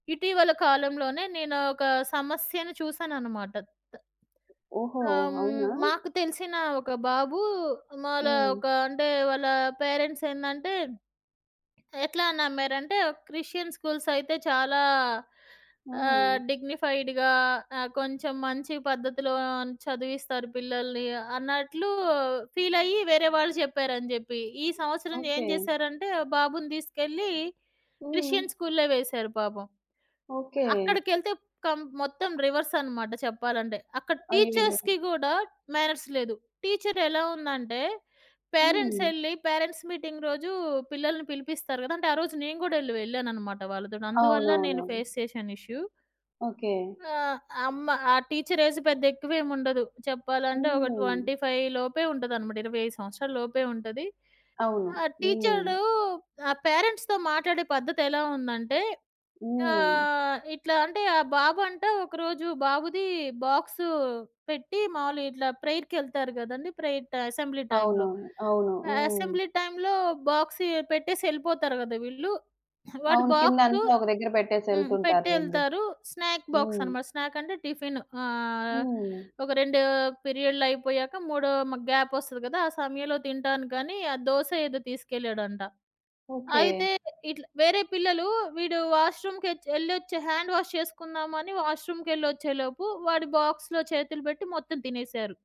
ఇటీవల కాలంలోనే నేను ఒక సమస్యను చూసానన్నమాట. ఓహో! త ఆహ్, హ్మ్. అవునా! మాకు తెలిసిన ఒక బాబు, మాళా హ్మ్. ఒక అంటే, వాళ్ళ పేరెంట్స్ ఏందంటే, ఎట్లా నమ్మారంటే, క్రిస్టియన్ స్కూల్స్ అయితే చాలా ఆహ్, ఆ! డిగ్నిఫైడ్‌గా, ఆహ్, కొంచెం మంచి పద్ధతిలో చదివిస్తారు పిల్లల్ని, అన్నట్లు ఫీల్ అయ్యి వేరే వాళ్ళు జెప్పారని జెప్పి ఈ సంవత్సరం ఏం ఓకే. జేశారంటే, బాబుని దీసుకెళ్ళి క్రిస్టియన్ హ్మ్. స్కూల్‌లో వేశారు పాపం. ఓకే. అక్కడికెళ్తే కం మొత్తం రివర్సన్నమాట చెప్పాలంటే. అక్కడ అయ్యయ్యో! టీచర్స్‌కి గూడా మ్యానర్స్ లేదు. టీచర్ ఎలా ఉందంటే, పేరెంట్స్ హ్మ్. ఎళ్ళి పేరెంట్స్ మీటింగ్ రోజు పిల్లల్ని పిలిపిస్తారు గదా, అంటే ఆరోజు నేను గూడా వెళ్ళ వెళ్ళానన్నమాట వాళ్ళతోని అందువల్ల నేను అవునవునవును. ఫేస్ చేశాను ఇష్యూ. ఓకే. ఆహ్, అమ్మ ఆ టీచర్ ఏజ్ పెద్ద ఎక్కువవేం ఉండదు. చెప్పాలంటే ఒక హ్మ్. 25 లోపే ఉంటదనమాట. 25 సంవత్సరాల లోపే ఉంటది. అవును. ఆ హ్మ్. టీచరు ఆ పేరెంట్స్‌తో మాట్లాడే పద్ధతె‌లా ఉందంటే, హ్మ్. ఆహ్, ఇట్లా అంటే ఆ బాబు అంట ఒకరోజు బాబుది బాక్స్ పెట్టి మామూలుగా ఇట్లా ప్రేయర్‌కి ఎళ్తారు గదండీ, ప్రేయర్ అసెంబ్లీ టైమ్‌లో. అవునవును. అవును. ఆహ్, హ్మ్. అసెంబ్లీ టైమ్‌లో బాక్సె పెట్టేసి ఎళ్ళిపోతారు గదా వీళ్ళు. వాడి అవును. బాక్సు కిందంతా ఒక దగ్గర బెట్టేసి హ్మ్. ఎళ్తుంటారులెండి. పెట్టెళ్తారు స్నాక్ బాక్స్ హ్మ్. అనమాట. స్నాక్ అంటే టిఫిను. ఆహ్, హ్మ్. ఒక 2 పీరియడ్లయిపోయాక మూడో మ గ్యాపొస్తది గదా! ఆ సమయంలో తింటానికనీ ఆ దోస ఏదో తీసుకెళ్ళాడంట. ఓకే. అయితే ఇట్ల వేరే పిల్లలు వీడు వాష్‌రూమ్ కెచ్చి ఎళ్లొచ్చి, హ్యాండ్ వాష్ చేసుకుందామని వాష్ రూమ్‌కెళ్లొచ్చేలోపు వాడి బాక్స్‌లో చేతులు పెట్టి మొత్తం తినేసారు.